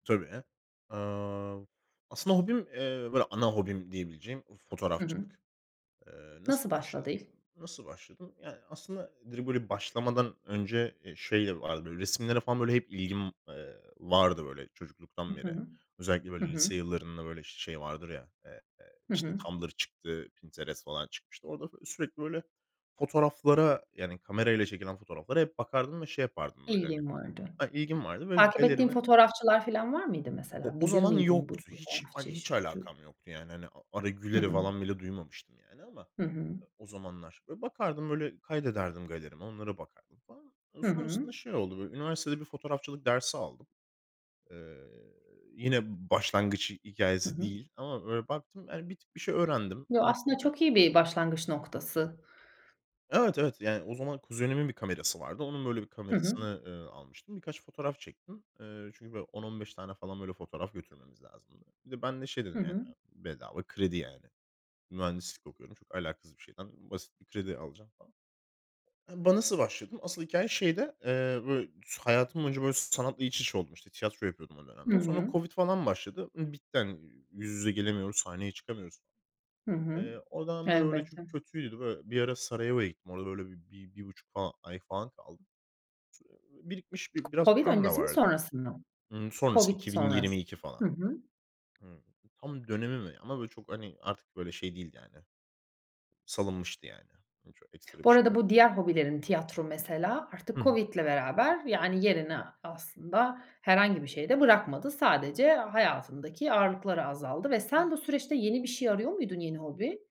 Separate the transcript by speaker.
Speaker 1: Tabii. Aaa, aslında hobim, eee, böyle ana hobim diyebileceğim
Speaker 2: Hı hı.
Speaker 1: fotoğrafçılık. Eee,
Speaker 2: Nasıl
Speaker 1: nasıl başladım?
Speaker 2: başladı ilk?
Speaker 1: Nasıl başladım? Yani aslında direkt böyle başlamadan önce, eee, şeyle vardı böyle resimlere falan böyle hep ilgim, eee, vardı böyle
Speaker 2: Hı
Speaker 1: çocukluktan beri.
Speaker 2: hı.
Speaker 1: Özellikle,
Speaker 2: Hı
Speaker 1: böyle,
Speaker 2: hı.
Speaker 1: lise yıllarında, işte, böyle şey vardır ya
Speaker 2: Hı hı.
Speaker 1: Tumblr çıktı, Pinterest falan çıkmıştı. Orada f sürekli, böyle, fotoğraflara yani kamerayla çekilen fotoğraflara hep bakardım ve şey yapardım böyle hani
Speaker 2: İlgin vardı.
Speaker 1: Ha, ilgim vardı ve
Speaker 2: Takip ettiğin
Speaker 1: galerimi
Speaker 2: fotoğrafçılar filan var mıydı
Speaker 1: O
Speaker 2: mesela?
Speaker 1: o
Speaker 2: Bilir
Speaker 1: zaman
Speaker 2: miydin bu
Speaker 1: yoktu. Hiç a
Speaker 2: fotoğrafçı
Speaker 1: hiç
Speaker 2: işi? [unintelligible]
Speaker 1: alakam yoktu yani hani Ara
Speaker 2: Hı
Speaker 1: Güler'i
Speaker 2: hı.
Speaker 1: falan bile duymamıştım yani ama
Speaker 2: Hı hı.
Speaker 1: o zamanlar. Böyle, bakardım böyle kaydederdim galerime onlara bakardım falan.
Speaker 2: Hı hı.
Speaker 1: Sonrasında şey oldu, böyle, üniversitede bir fotoğrafçılık dersi aldım. Eee, yine başlangıç
Speaker 2: Hı
Speaker 1: hikâyesi
Speaker 2: hı.
Speaker 1: değil ama böyle baktım, yani bir tık bir şey öğrendim.
Speaker 2: Ya, aslında
Speaker 1: Baktım e
Speaker 2: çok iyi bir başlangıç noktası.
Speaker 1: Evet, evet. Yani o zaman kuzenimin bir kamerası vardı. Onun, böyle, bir
Speaker 2: Hı hı.
Speaker 1: kamerasını, ııı, almıştım. Birkaç fotoğraf çektim. Eee, çünkü, böyle, 10-15 tane falan böyle fotoğraf götürmemiz lazımdı. Bir de ben de şey
Speaker 2: Hı
Speaker 1: dedim yani,
Speaker 2: hı.
Speaker 1: ııı, bedava kredi yani. Mühendislik okuyorum. Çok alakasız bir şeyden. Basit bir kredi alacağım falan. Hı ba nasıl başladım? Asıl hikâye şeyde. Eee, böyle, hayatım boyunca, böyle, sanatla iç içe oldum, işte, tiyatro yapıyordum o
Speaker 2: Hı
Speaker 1: dönemde. Sonra
Speaker 2: hı.
Speaker 1: covid falan başladı. Imm, bitti hani yüz yüze gelemiyoruz, sahneye çıkamıyoruz.
Speaker 2: Hı hı.
Speaker 1: Eee, o dönemler öyle çok
Speaker 2: Elbette.
Speaker 1: kötüydü. Böyle bir ara Sarajevo'ya gittim. Orada böyle 1-1.5 ay falan kaldım. [unintelligible] Birikmiş biraz
Speaker 2: Covid
Speaker 1: param da
Speaker 2: öncesi mi
Speaker 1: vardı.
Speaker 2: sonrası mı?
Speaker 1: Imm, sonrası,
Speaker 2: Covid
Speaker 1: iki bin
Speaker 2: sonrası.
Speaker 1: yirmi iki falan.
Speaker 2: Hı hı.
Speaker 1: Hıı. Tam dönemi mi? Ama, böyle, çok hani artık böyle şey değildi yani. Salınmıştı yani. Hiç öyle ekstra
Speaker 2: Bu
Speaker 1: bir şey
Speaker 2: arada bu
Speaker 1: yoktu.
Speaker 2: diğer hobilerin tiyatro mesela
Speaker 1: Hı
Speaker 2: artık
Speaker 1: hı.
Speaker 2: Covid'le beraber yani yerini aslında herhangi bir şeye de bırakmadı. Sadece hayatındaki ağırlıkları azaldı ve sen bu süreçte yeni bir şey arıyor muydun yeni hobi?